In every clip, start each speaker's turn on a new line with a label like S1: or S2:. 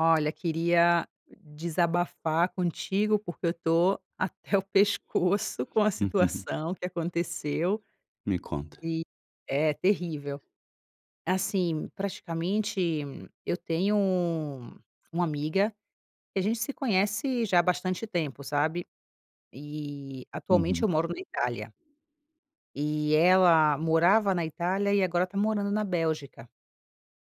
S1: Olha, queria d desabafar contigo, porque eu estou até o pescoço com uma situação que aconteceu
S2: Me conta.
S1: e É terrível. Assim, praticamente, eu tenho uma amiga, que a gente se conhece já há bastante tempo, sabe? E, atualmente,
S2: Uhum.
S1: eu moro na Itália. E ela morava na Itália e agora está morando na Bélgica.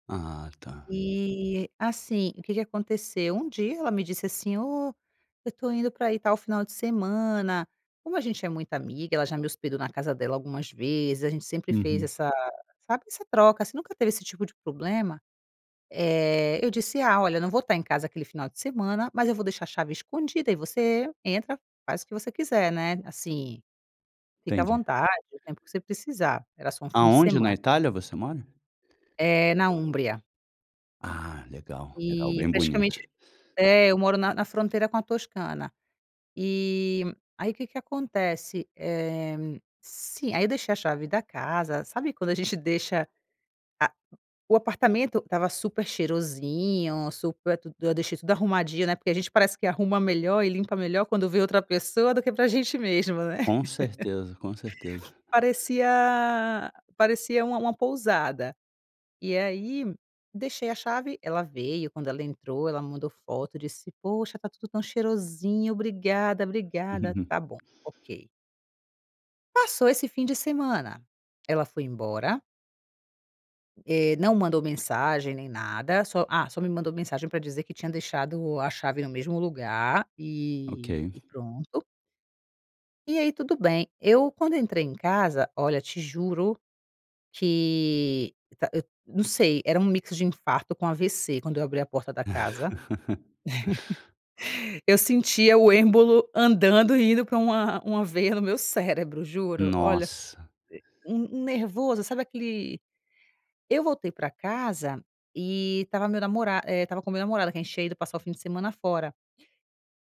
S2: Ah tá.
S1: E, assim, o que que aconteceu? Um dia ela me disse assim: "Oh, eu estou indo para aí tal final de semana". Como a gente é muito amiga ela já me hospedou na casa dela algumas vezes. A gente sempre fez
S2: Uhum.
S1: essa sabe, essa troca assim, nunca teve esse tipo de problema. Eh, eu disse: "Ah, olha, eu não vou estar em casa aquele final de semana, mas eu vou deixar a chave escondida e você entra, faz o que você quiser", né. Assim, fica à
S2: Entendi.
S1: vontade, o tempo que você precisar. Era só um fim de
S2: Aonde na
S1: semana.
S2: Itália você mora?
S1: Eh, na Úmbria.
S2: Ah, legal, legal,
S1: E,
S2: bem bonito.
S1: praticamente É. Eu moro na na fronteira com a Toscana. E aí que que acontece? Eh, se aí deixei a chave da casa, sabe quando a gente deixa a o apartamento estava super cheirosinho, super tudo Eu deixei tudo arrumadinho, né. Porque a gente parece que arruma melhor e limpa melhor quando vem outra pessoa do que pra gente mesmo, né?
S2: Com certeza, com certeza.
S1: Parecia parecia uma uma pousada. E aí, deixei a chave. Ela veio. Quando ela entrou, ela me mandou foto e disse: "Poxa, está tudo tão cheirosinho! Obrigada, obrigada. Está bom. Ok. Passou esse fim de semana. Ela foi embora eh, não mandou mensagem, nem nada, só, ah, só me mandou mensagem para dizer que tinha deixado a chave no mesmo lugar
S2: Ok.
S1: e e pronto. E aí, tudo bem. Eu quando entrei em casa Olha te juro que tá hã, não sei, era um mix de infarto com AVC quando eu abri a porta da casa, eu sentia o êmbolo andando e indo pra uma uma veia no meu cérebro, juro. Olha
S2: Nossa!
S1: um, um nervoso, sabe aquele eu voltei pra casa e estava meu namora e estava com meu namorado que a gente tinha ido passar o fim de semana fora.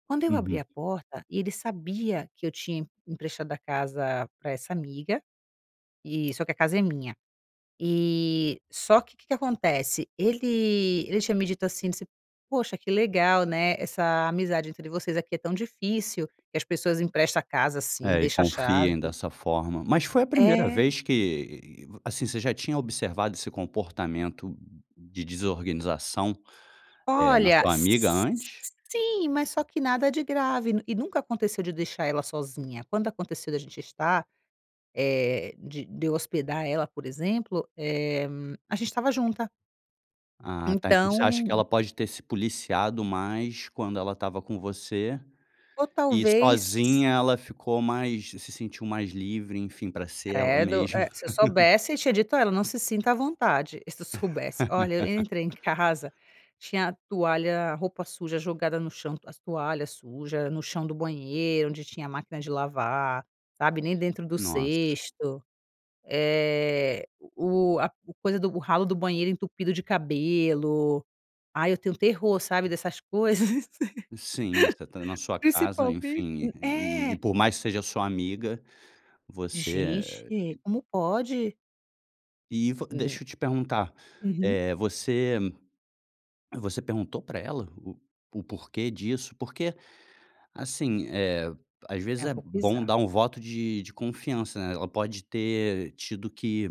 S1: Quando eu abri
S2: Uhum.
S1: a porta, ele sabia que eu tinha empre emprestado a casa pra essa amiga, e só que a casa é minha. E só que que que acontece? Ele ele tinha me dito assim, você "Poxa que legal, né, essa amizade entre vocês aqui é tão difícil que as pessoas empresta a casa assim,
S2: É, e
S1: deixa a
S2: confiem
S1: chave".
S2: dessa forma. Mas foi a primeira
S1: É.
S2: vez que, assim, você já tinha observado esse comportamento de desorganização, eh, na
S1: Olha,
S2: sua amiga antes?
S1: s-sim! mas só que nada de grave e nunca aconteceu de deixar ela sozinha. Quando aconteceu da gente estar, eh, de de eu hospedar ela, por exemplo, eh, a gente estava junta.
S2: Ah, tá, então, você acha que
S1: Então
S2: ela pode ter se policiado mais quando ela estava com você?
S1: Ou
S2: E
S1: talvez
S2: sozinha ela ficou mais se sentiu mais livre, enfim, pra ser ela
S1: Credo! É,
S2: mesma.
S1: se eu soubesse eu tinha dito a ela: "Não se sinta à vontade". E se soubesse Olha, eu entrei em casa, tinha toalha, roupa suja jogada no chão, as toalhas suja no chão do banheiro, onde tinha máquina de lavar, sabe, nem dentro do
S2: Nossa!
S1: cesto, eh, o a o coisa o ralo do banheiro entupido de cabelo. Ai, eu tenho terror, sabe, dessas coisas.
S2: Sim, você tá na sua casa,
S1: Principalme
S2: enfim, e
S1: É!
S2: por mais que seja sua amiga, você é
S1: Gente, como pode?
S2: E, vo
S1: Hum.
S2: deixa eu te perguntar.
S1: Uhum.
S2: Eh, você você perguntou pra ela o o porquê disso? Porque, assim, eh, às vezes,
S1: É um
S2: é
S1: pouco
S2: bom dar
S1: bizarro.
S2: um voto de de confiança, né? Ela pode ter tido que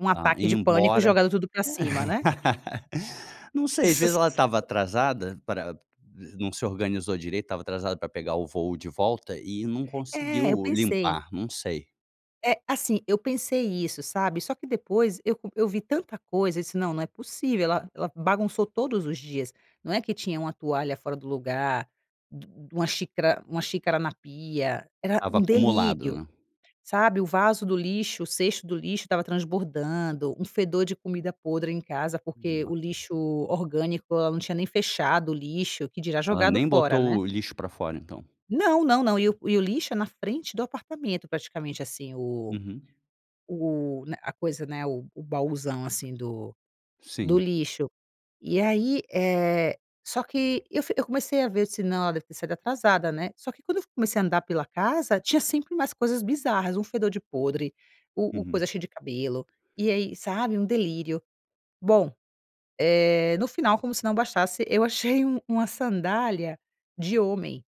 S1: Um
S2: a
S1: ataque
S2: ir
S1: de pânico e
S2: embora
S1: jogado tudo pra cima, né?
S2: Não sei. Às vezes, ela estava atrasada para não se organizou direito. Estava atrasada pra pegar o voo de volta e não
S1: É. Eu
S2: conseguiu
S1: pensei.
S2: limpar. Não sei.
S1: É. Assim, eu pensei isso, sabe? Só que depois eu co eu vi tanta coisa e disse: "Não. Não é possível. Ela ela bagunçou todos os dias". Não é que tinha uma toalha fora do lugar, du uma xícara uma xícara na pia. Era
S2: Estava
S1: um
S2: acumulado,
S1: delírio,
S2: né?
S1: sabe? O vaso do lixo o cesto do lixo estava transbordando. Um fedor de comida podre em casa porque
S2: Nossa!
S1: o lixo orgânico ela não tinha nem fechado o lixo, que dirá
S2: Ela
S1: jogado
S2: nem
S1: fora né.
S2: botou o lixo pra fora, então?
S1: Não! Não, não. E o e o lixo é na frente do apartamento, praticamente assim. O
S2: Uhum.
S1: o na a coisa né o o bauzão assim do do
S2: Sim.
S1: lixo. E aí, eh, só que eu fi eu comecei a ver eu disse: "Não, ela deve ter saído atrasada, né?" Só que quando eu fu comecei a andar pela casa, tinha sempre umas coisas bizarras. Um fedor de podre. O o
S2: Uhum.
S1: coisa cheio de cabelo. E aí, sabe, um delírio. Bom, eh, no final como se não bastasse, eu achei um uma sandália de homem.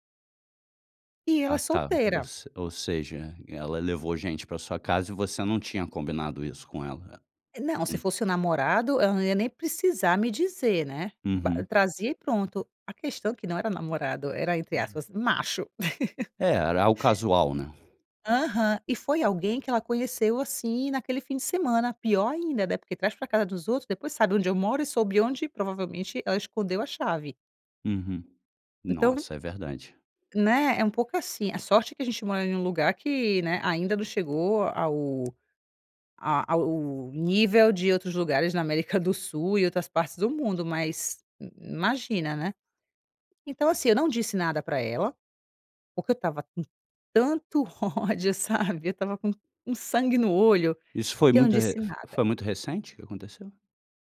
S1: E ela é
S2: Ah tá, Ou
S1: solteira.
S2: se ou seja, ela levou gente para sua casa e você não tinha combinado isso com ela?
S1: E Não, se
S2: [unintelligible]
S1: fosse o namorado, ela não ia nem precisar me dizer, né? Ba
S2: Uhum.
S1: trazia e pronto. A questão é que não era namorado. Era, entre aspas, macho.
S2: É. Era algo casual, né?
S1: Aham. E foi alguém que ela conheceu, assim, naquele fim de semana. Pior ainda, né? Porque traz para casa dos outros depois sabe onde eu moro e soube onde, provavelmente, ela escondeu a chave.
S2: Uhum.
S1: Então
S2: Nossa. É verdade.
S1: Né? É um pouco assim a sorte que a gente mora em lugar que, né, ainda não chegou ao a ao nível de outros lugares na América do Sul e outras partes do mundo. Mas i i imagina, né? Então, assim, eu não disse nada para ela, porque eu estava com tanto ódio, sabe? Eu estava com um um sangue no olho,
S2: Isso foi
S1: que eu não
S2: muito re
S1: disse
S2: f
S1: nada.
S2: foi muito recente que aconteceu?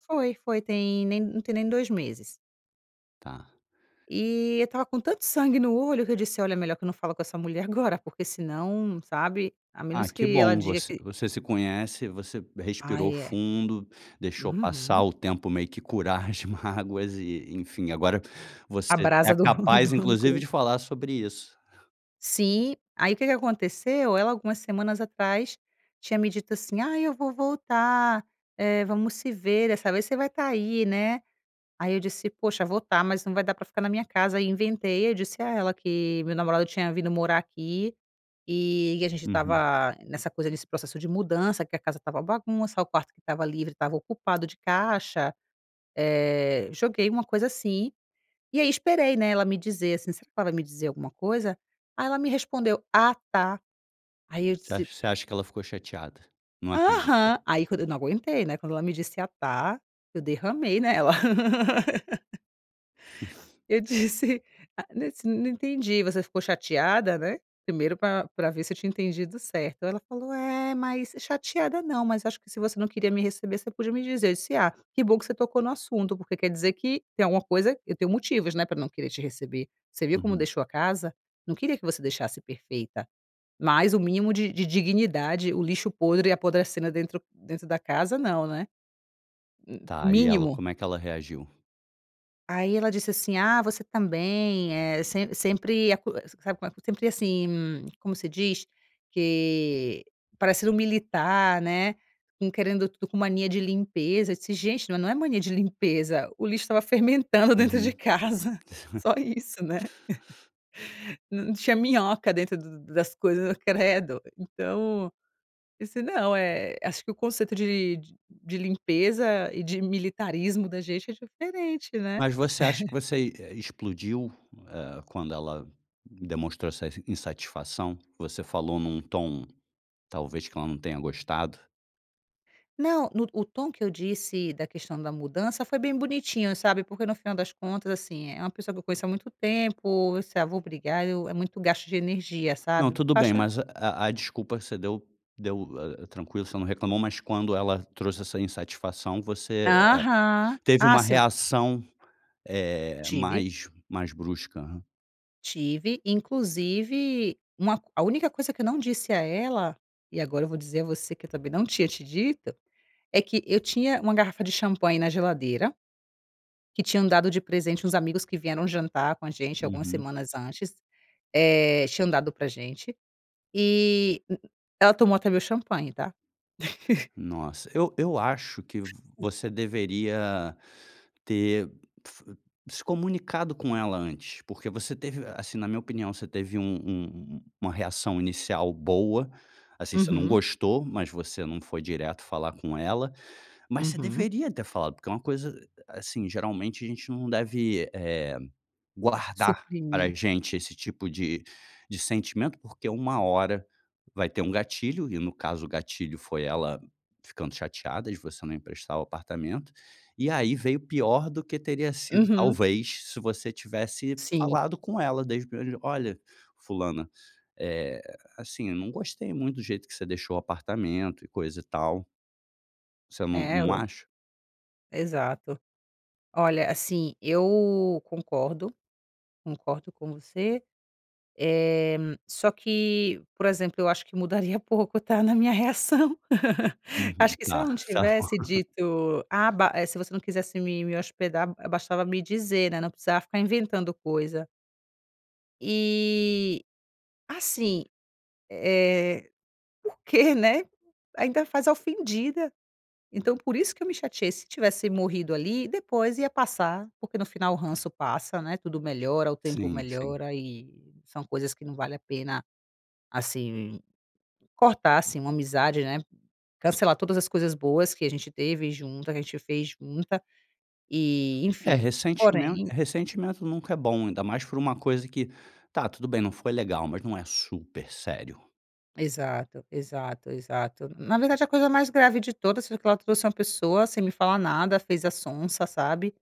S1: Foi, foi, tem nem não tem nem 2 meses.
S2: Tá.
S1: E eu estava com tanto sangue no olho que eu disse: "Olha é melhor que eu não falo com essa mulher agora". Porque senão, sabe, a
S2: Ah,
S1: menos
S2: que
S1: que ela
S2: bom.
S1: diga
S2: Você
S1: que
S2: você se conhece, você respirou
S1: Ai, é.
S2: fundo, deixou passar
S1: Uhum.
S2: o tempo meio que curar as mágoas. E, enfim, agora
S1: A
S2: você é
S1: brasa do
S2: capaz
S1: do
S2: inclusive
S1: rancor.
S2: de falar sobre isso.
S1: Sim, aí o que que aconteceu? Ela, algumas semanas atrás, tinha me dito assim: "Ah, eu vou voltar, eh, vamos se ver. Dessa vez, você vai tá aí, né? Aí eu disse: "Poxa, vou estar mas não vai dar para ficar na minha casa". Ai inventei, eu disse a ela que meu namorado tinha vindo morar aqui, e a gente
S2: Uhum.
S1: estava nessa coisa, nesse processo de mudança que a casa estava bagunça, o quarto que estava livre, estava ocupado de caixa. Eh, joguei uma coisa assim, e aí esperei, né, ela me dizer, assim "Será que ela me dizer alguma coisa?". Aí ela me respondeu: "Ah, tá". Aí eu
S2: Você
S1: disse
S2: acha você acha que ela ficou chateada? Não acreditou?
S1: Aham. Aí quando eu não aguentei, né, quando ela me disse: "Ah, tá". Eu derramei nela. Eu disse: "Ah, nossa. Não entendi, você ficou chateada?" Né, primeiro pra pra ver se eu tinha entendido certo. Ela falou: "É, mas chateada não mas acho que se você não queria me receber você podia me dizer". Eu disse: "Ah, que bom que você tocou no assunto porque quer dizer que tem alguma coisa eu tenho motivos, né, pra não querer te receber. Você viu como
S2: Uhum.
S1: deixou a casa? Não queria que você deixasse perfeita, mas o mínimo de dignidade. O lixo podre apodrecendo dentro dentro da casa não, né?". Hum,
S2: Tá e ela?
S1: mínimo.
S2: Como é que ela reagiu?
S1: Aí ela disse assim: "Ah, você também é sem sempre acusa, sabe quanto sempre assim" Como se diz? Que: "Parecendo militar, né, com querendo tudo com mania de limpeza". E se gente: "Não, não é mania de limpeza, o lixo estava fermentando dentro de
S2: Uhum.
S1: casa. Só isso, né? Tinha minhoca dentro das coisas. Credo! Então, disse: "Não, eh, acho que o conceito de de limpeza e de militarismo da gente é diferente, né?".
S2: Mas você acha que você, eh, explodiu, eh, quando ela demonstrou essa insatisfação? Você falou num tom talvez que ela não tenha gostado?
S1: Não, no o tom que eu disse da questão da mudança foi bem bonitinho, sabe, porque no final das contas assim, é é uma pessoa que eu conheço há muito tempo, isso é: "Ah, vou brigar?". Eu é muito gasto de energia,
S2: Não,
S1: sabe,
S2: tudo bem,
S1: baixa
S2: mas a a desculpa você deu deu, ah, tranquilo, você não reclamou, mas quando ela trouxe essa insatisfação, você, eh,
S1: Aham.
S2: teve
S1: Ah,
S2: uma
S1: se eu
S2: reação, eh,
S1: Tive.
S2: mais mais brusca.
S1: Tive. Inclusive uma a única coisa que eu não disse a ela, e agora eu vou dizer a você que eu também não tinha te dito, é que eu tinha uma garrafa de champanhe na geladeira, que tinham dado de presente uns amigos que vieram jantar com a gente algumas
S2: Uhum.
S1: semanas antes, eh, tinham dado para gente, e m m ela tomou até meu champanhe, tá?
S2: Nossa! Eu eu acho que
S1: O
S2: você deveria ter se comunicado com ela antes, porque você teve assim, na minha opinião, você teve um um uma reação inicial boa, assim você não
S1: Uhum.
S2: gostou, mas você não foi direto falar com ela, mas você
S1: Uhum.
S2: deveria ter falado porque é uma coisa, assim, geralmente a gente não deve, eh, guardar para
S1: Suprimir.
S2: gente esse tipo de de sentimento. Porque uma hora vai ter um gatilho e no caso o gatilho foi ela ficando chateada de você não emprestar o apartamento. E aí, veio pior do que teria sido,
S1: Uhum.
S2: talvez, se você tivesse
S1: Sim.
S2: falado com ela desde o primeiro dia: "Olha fulana, eh, assim, eu não gostei muito do jeito que você deixou o apartamento e coisa e tal". Você não
S1: É
S2: não
S1: o
S2: acha?
S1: Exato. Olha assim, eu concordo, concordo com você, eh, só que por exemplo, eu acho que mudaria pouco tá, na minha reação.
S2: Uhum.
S1: Acho que se ela
S2: Ah,
S1: não
S2: tá bom.
S1: tivesse dito: "Ah, ba, eh, se você não quisesse me me hospedar, eh, bastava me dizer, né, não precisava ficar inventando coisa". E assim, eh, porque, né, ainda faz a ofendida, então, por isso que eu me chateei, se tivesse morrido ali, depois ia passar porque no final o ranço passa, né, tudo melhora, o tempo
S2: Sim, sim.
S1: melhora e são coisas que não vale a pena, assim, cortar assim, uma amizade, né. Cancelar todas as coisas boas que a gente teve junta que a gente fez junta e
S2: É
S1: enfim,
S2: recentimen
S1: porém
S2: recentimento nunca é bom, ainda mais por uma coisa que tá tudo bem, não foi legal, mas não é super sério.
S1: Exato, exato, exato. Na verdade a coisa mais grave de todas foi que ela trouxe uma pessoa sem me falar nada, fez a sonsa, sabe?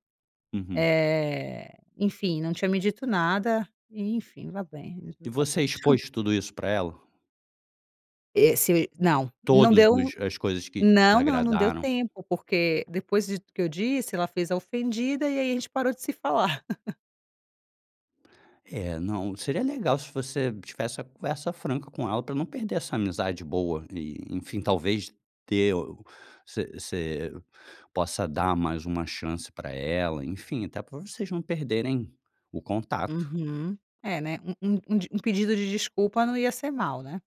S2: Uhum.
S1: Eh, enfim não tinha me dito nada. E, enfim vá bem e as
S2: E
S1: duas tá
S2: você
S1: bom
S2: expôs tudo isso pra ela?
S1: Esse não não
S2: Todos
S1: deu
S2: os as coisas que
S1: Não, não. Não deu
S2: desagradaram?
S1: tempo porque depois de tu que eu disse, ela fez a ofendida e aí a gente parou de se falar.
S2: É, não, seria legal se você tivesse uma conversa franca com ela pra não perder essa amizade boa e, enfim, talvez ter o você você possa dar mais uma chance pra ela, enfim, até pra vocês não perderem o contato.
S1: Uhum. É, né, um um um d um pedido de desculpa não ia ser mal, né?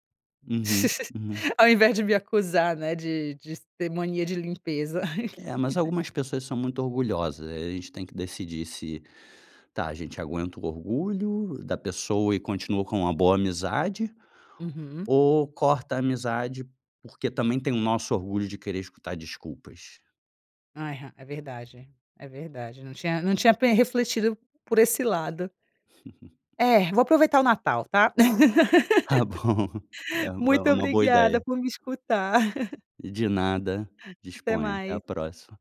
S2: Uhum, uhum.
S1: Ao invés de me acusar, né, de de ter mania de limpeza.
S2: É, mas algumas pessoas são muito orgulhosas, eh, a gente tem que decidir se: "Tá, a gente aguenta o orgulho da pessoa e continua com uma boa amizade
S1: Uhum.
S2: ou corta a amizade porque também tem o nosso orgulho de querer escutar desculpas?".
S1: Aham. É verdade, é verdade. Não tinha não tinha pen refletido por esse lado. É, vou aproveitar o Natal, tá?
S2: Tá bom, é é
S1: Muito
S2: uma boa
S1: obrigada
S2: ideia.
S1: por me escutar.
S2: De nada,
S1: Até
S2: disponha. Até a
S1: mais.
S2: próxima.